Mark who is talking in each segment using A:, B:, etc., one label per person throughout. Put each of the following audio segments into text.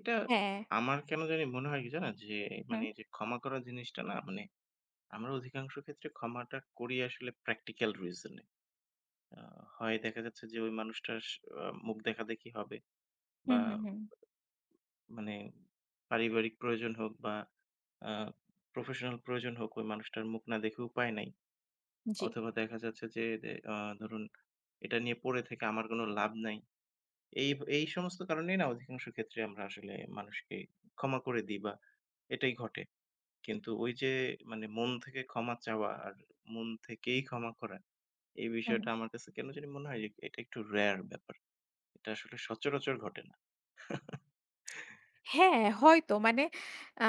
A: এটা
B: হ্যাঁ।
A: আমার কেন জানি মনে হয় কি জানেন? যে, মানে
B: হু।
A: এইযে ক্ষমা করা জিনিসটা না মানে আমরা অধিকাংশ ক্ষেত্রে ক্ষমাটা করি আসলে practical reason এ। আ হয় দেখা যাচ্ছে যে ওই মানুষটা স আ মুখ দেখাদেখি হবে
B: হু,
A: বা,
B: হু, হু।
A: মানে পারিবারিক প্রয়োজন হোক বা, আ professional প্রয়োজন হোক, ওই মানুষটার মুখ না দেখে উপায় নাই।
B: জি।
A: অথবা দেখা যাচ্ছে যে, এ আ ধরুন এটা নিয়ে পড়ে থেকে আমার কোনো লাভ নাই। এই ভা এই সমস্ত কারণেই না, অধিকাংশ ক্ষেত্রে আমরা আসলে মানুষকে ক্ষমা করে দিই বা এটাই ঘটে। কিন্তু ওইযে মানে মন থেকে ক্ষমা চাওয়া আর মন থেকেই ক্ষমা করা, এই
B: হু,
A: বিষয়টা
B: হু।
A: আমার কাছে কেন জানি মনে হয় এ এটা একটু rare ব্যাপার। এটা আসলে সচরাচর ঘটে না।
B: হ্যাঁ, হয়তো। মানে আ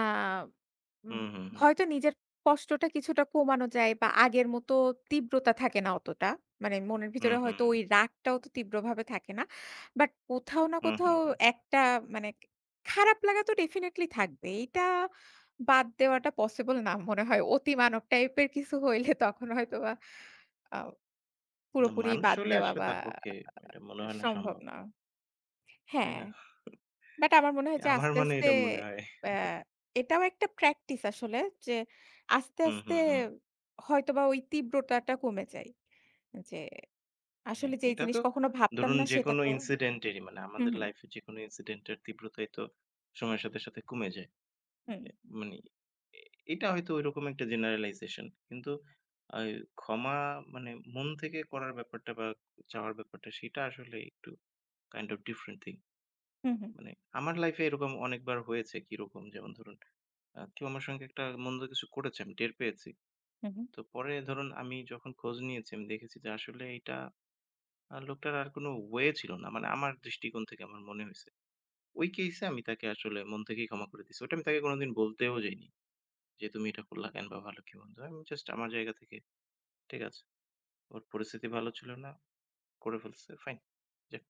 A: উঁ,
B: উম
A: হু, হু।
B: হয়তো নিজের কষ্টটা কিছুটা কমানো যায় বা আগের মতো তীব্রতা থাকে না অতটা। মানে মনের ভিতরে
A: উঁহু,
B: হয়তো
A: হু।
B: ওই রাগটা অত তীব্রভাবে থাকে না। বাট কোথাও না
A: উঁহু,
B: কোথাও
A: হু।
B: একটা মানে কা খারাপ লাগা তো definitely থাকবে। এইটা বাদ দেওয়াটা পসিবল না মনে হয়। অতিমানব টাইপের কিছু হইলে তখন হয়তোবা আ
A: না,
B: পুরোপুরি
A: মানুষ
B: বাদ
A: হইলে
B: দেওয়া
A: আসলে
B: বা
A: তার পক্ষে
B: আ
A: ওইটা মনে হয় না
B: সম্ভব
A: সম্ভব।
B: না।
A: তাই
B: হ্যাঁ,
A: না?
B: বাট আমার মনে হয় যে
A: আমার
B: আস্তে,
A: মানে
B: আস্তে
A: এটা মনে হয়।
B: প্যা এটাও একটা practice আসলে যে আস্তে,
A: উঁ, হু,
B: আস্তে
A: হু।
B: হয়তোবা ওই তীব্রতাটা কমে যায়। যে আসলে
A: হ্যাঁ,
B: যেই
A: এটা
B: জিনিস
A: তো
B: কখনো ভাবতাম
A: ধরুন
B: না, সেটা
A: যেকোনো
B: তো
A: incedent এর মানে
B: হু,
A: আমাদের
B: হু।
A: লাইফে যেকোনো incedent এর তীব্রতাই তো সময়ের সাথে, সাথে কমে যায়।
B: হুম।
A: এ মানে এটা হয়তো ঐরকম একটা generalization. কিন্তু আ এই ক্ষমা মানে মন থেকে করার ব্যাপারটা বা চাওয়ার ব্যাপারটা, সেটা আসলে একটু kind of different thing.
B: হু, হু।
A: মানে আমার লাইফে এরকম অনেকবার হয়েছে। কিরকম? যেমন ধরুন আ কেউ আমার সঙ্গে একটা মন্দ কিছু করেছে, আমি টের পেয়েছি।
B: হু, হু।
A: তো পরে ধরুন আমি যখন খোঁজ নিয়েছি, আমি দেখেছি যে আসলে এইটা আ লোকটার আর কোনো way ছিল না। মানে আমার দৃষ্টিকোণ থেকে আমার মনে হইছে। ওই case এ আমি তাকে আসলে মন থেকেই ক্ষমা করে দিছি। ওইটা আমি তাকে কোনোদিন বলতেও যাইনি। যে, "তুমি এটা করলা কেন? বা ভালো কি মন্দ।" আমি জাস্ট আমার জায়গা থেকে, "ঠিক আছে, ওর পরিস্থিতি ভালো ছিল না। করে ফেলছে। ফাইন, যাক।"